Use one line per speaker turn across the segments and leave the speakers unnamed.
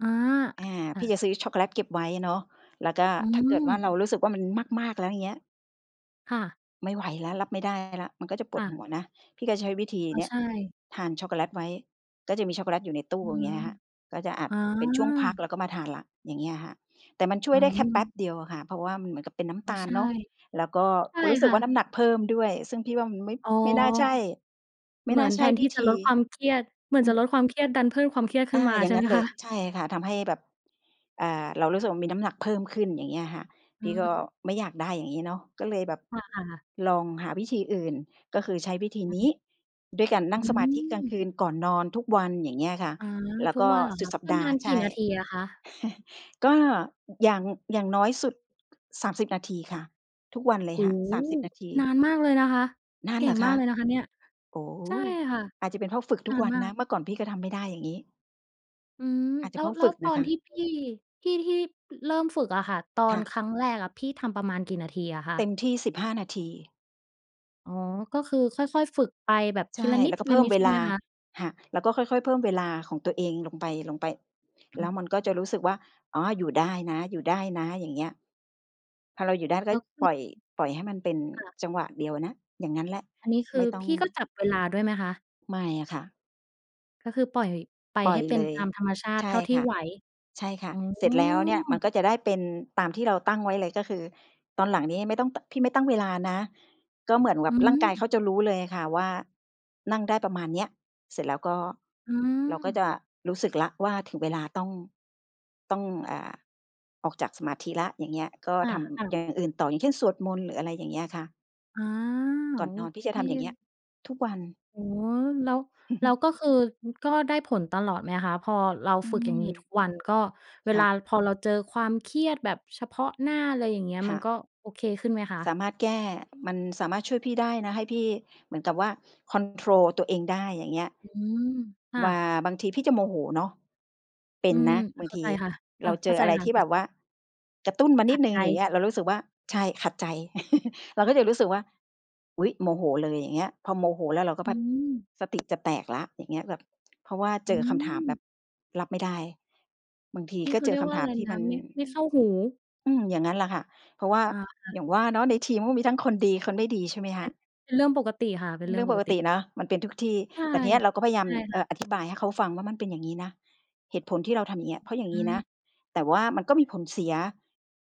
อา
อา
อ ค
พี่
ะ
จะซื้อช็อกโกเลตเก็บไว้เนาะ แล้วก็
อื
ถ้าเกิดว่าเ
ม
รารู้สึกว่ามันมาก ๆ แล้ว อย่างเงี้ย
ค่ะ
ไม่ไหวแล้ว รับไม่ได้แล้ว มันก็จะป
ค
ว
่
ดห
ะ
ัวนะ พี่ก็ใช้วิธี
อ๋อ
เนี่ย
ใช่
ทานช็อกโกเลตไว้ ก็จะมีช็อกโกเลตอยู่ในตู
อ
้
ื
อย่างเ
ม
งี้ยค่ะ ก็จะ อาจ
อ
เป็นช่วงพัก
า
แล้วก็มาทานแล้ว อย่างเงี้ยอะค่ะ แต่มันช่ว
อ๋
ยได้แค่แป๊
อ
บเดียวอะค่ะ เพราะว่ามันเหมือนกับเป็นน้
อ
ำ
๋
ต
อ
าล
ใช่
เนาะ แล้วก็
ใช่
รู้ส
ค
ึก
่
ว่าน้
ะ
ำหนักเพิ่มด้วย ซึ่งพี่ว่ามันไม่
อ๋อ
ไม่น่าใช่ ไม
เ
่
หมื
น่
อ
า
น
ใ
แ
ช
ท
่
นท
ว
ี
ิ
่จะ
ธ
ล
ี
ดความเครียด เหมือน
อื
จะ
อ
ลดความเครียดดันเพิ่มความเครียดข
อ
ึ้น
า
มา
อย่
ใช
าง
่
ง
ไ
ั
ห
้
ม
นเล
ค
ย
ะ?
ใช่ค่ะ ทำให้แบบ อ่า เรารู้สึกว่า มีน้ำหนักเพิ่มขึ้น อย่างเงี้ยค่ะ พ
อื
ี่ก
ม
็ไม่อยากได้ อย่างงี้เนาะ ก็เลยแบบ
ค่ะ อา
ลองหาวิธีอื่น ก็คือใช้วิธี
อ
น
ื
ี้
อ
ด้วยการนั่ง
อื
สมาธิกลาง
ม
คืนก่อนนอนทุกวัน อย่างเงี้ยค่ะ
อา
แล้ว
ทุ
ก
ก
็
วันเหรอ
สุ
ค
ด
ะ?
สัป
ปร
ด
ะ
า
ม
ห
า
์
ณ
ใ
ก
ช
ี่
่
นาทีอะคะ?
ก็อย่าง อย่างน้อยสุด 30 นาทีค่ะ ทุกวันเลย
โอ้
ค่ะ
โฮ
30 นาที
นานมากเลยนะคะ
นาน
เก
เห
่
ร
ง
อค
มา
ะ?
กเลยนะคะ เนี่ย
โอ้โฮ
ใช่ค่ะ
อาจจะเป็นเพราะฝึก ท
น
ุ
า
ก
น
วัน
มา
นะ
ก
เมื่อก่อนพี่ก็ทำไม่ได้อย่างงี้
อืม
อาจจ
แ
ะ
ล้
เพ
ว
ราะ
แล
ฝ
้
ึ
ว
ก
ต
น
อ
ะ
น
คะ
ที่พี่ พี่ที่เริ่มฝึกอะค่ะ ตอ
ค่
น
ะ
ครั้งแรกอะพี่ทำประมาณกี่นาทีอะคะ?
เต็มที่ 15 นาที
อ๋อ ก็คือค่อย ๆ ฝึกไปแบบ
ใช
ที
่
ละน
แล้วก็เพิ่ม
ิด
เว
ๆ ใช่
ล
ไหม
า
คะ?
ค่ะ แล้วก็ค่อย ๆ เพิ่มเวลาของตัวเองลงไป
อื
ๆ แล้
ม
วมันก็จะรู้สึกว่า อ๋อ อยู่ได้นะ ๆ อย่างเงี้ย พอเราอยู่ได้ก
แล
็
้วคื
ปล
อ
่อย ปล่อยให้มันเป็น
ค่ะ
จังหวะเดียวนะ อย่างงั้นแหละ
อันนี้ค
ไม
ื
่
อ
ต้อ
พ
ง
ี่ก็จับ เวลาด้วยไหมคะ?
ไม่อะค่ะ
ก็คือปล่อยไป
ปล่
ให
อย
้เป็
เ
น
ลย
ตามธรรมชาต
ใช
ิเ
่
ท่าที
ค
่
่ะ
ไหว?
ใช่ค่
โ
ะ
อ้
เสร็จแล้วเนี่ยมันก็จะได้เป็นตามที่เราตั้งไว้เลย ก็คือตอนหลังนี้ไม่ต้อง ต พี่ไม่ตั้งเวลานะ ก็เหมือนแบ
อื
บร่างกายเข
ม
าจะรู้เลยอะค่ะว่านั่งได้ประมาณเนี้ย เสร็จแล้วก็
อื
เราก็จ
ม
ะรู้สึกแล้วว่าถึงเวลาต้อง ต้อง อ่า ออกจากสมาธิแล้ว อย่างเงี้ย ก็
ค่
ท
ะ
ำอ
ๆ
ย่างอื่นต่อ อย่างเช่นสวดมนต์ หรืออะไรอย่างเงี้ยค่ะ
อา โอ
ก่อนนอนพี
เ
่ที่จะทำอย่างเงี้ย
ค
ทุกวัน
โอ้ แล้ว แล้วก็คือ อ ก็ได้ผลตลอดไหมคะ พอเรา
อื
ฝึกอย่างงี้
ม
ทุกวัน ก็เว
ค่
ลา
ะ
พอเราเจอความเครียดแบบเฉพาะหน้า อะไรอย่างเงี้ย
ค
ม
่
ั
ะ
นก็โอเคขึ้นไหมคะ?
สามารถแก้ มันสามารถช่วยพี่ได้นะ ให้พี่เหมือนกับว่า คอนโทรล ตัวเองได้ อย่างเงี้ย
อืม ค่
ว
ะ
่าบางทีพี่จะโมโหเนาะ เป็
อื
น
ม
นะบา
เ
ง
ข้า
ที
ใจค่ะ ค
เ
่
ร
ะ
าเ
เ
จ
ข้า
อ
ใจ
อะไร
ค่ะ
ที่
เข้
แ
า
บ
จ
บว่ากระตุ้นมาน
ข
ิ
ั
ด
ด
หนึ่
ใ
ง
จ
อย่างเงี้ย เรารู้สึกว่า ใช่ ขัดใจ เราก็จะรู้สึกว่า อุ๊ย! โมโหเลย อย่างเงี้ย พอโมโหแล้ว เราก็
อ
พ
ื
ัด
ม
สติ จะแตกแล้ว อย่างเงี้ย แบบ เพราะว่า
อ
เจ
ื
อคำถามแบ
ม
บรับไม่ได้ บางที
ที่
ก็
เขา
เจ
เรี
อ
ย
ค
กว่
ำ
า
ถ
อ
า
ะไ
ม
ร
ที่
น
ม
ะ
ัน
ไม่ ไม่เข้าหู
อืม อย่างงั้นแหละค่ะ เพราะว่า
อา
อย่างว่าเนาะในทีมก็มีทั้งคนดีคนไม่ดี ใช่ไหมค
เป็
ะ
น เป็นเรื่องปกติค่ะ เป็นเร
เ
ื
ร
่
ื
อ
่อ
ง
ง
ป
ป
ก
ก
ต
ต
ิ
ิเนาะมันเป็นทุกที่
ใช่
แต่ทีเนี้ยเราก็พยายา
ใช
ม
่
เ
ค
อ
่
่อ
ะ
อธิบาย ให้เขาฟังว่า "มันเป็นอย่างงี้นะ เหตุผลที่เราทำอย่างเงี้ย เพราะอย่าง
อ
ง
ื
ี้นะ"
อ
แต่ว่ามันก็มีผลเสีย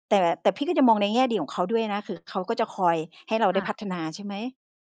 แต่ แต่พี่ก็จะมองในแง่ดีของเขาด้วยนะ คือเขาก็จะคอยให้เรา
ค
ได้
่
พั
ะ
ฒนา ใช่ไหม?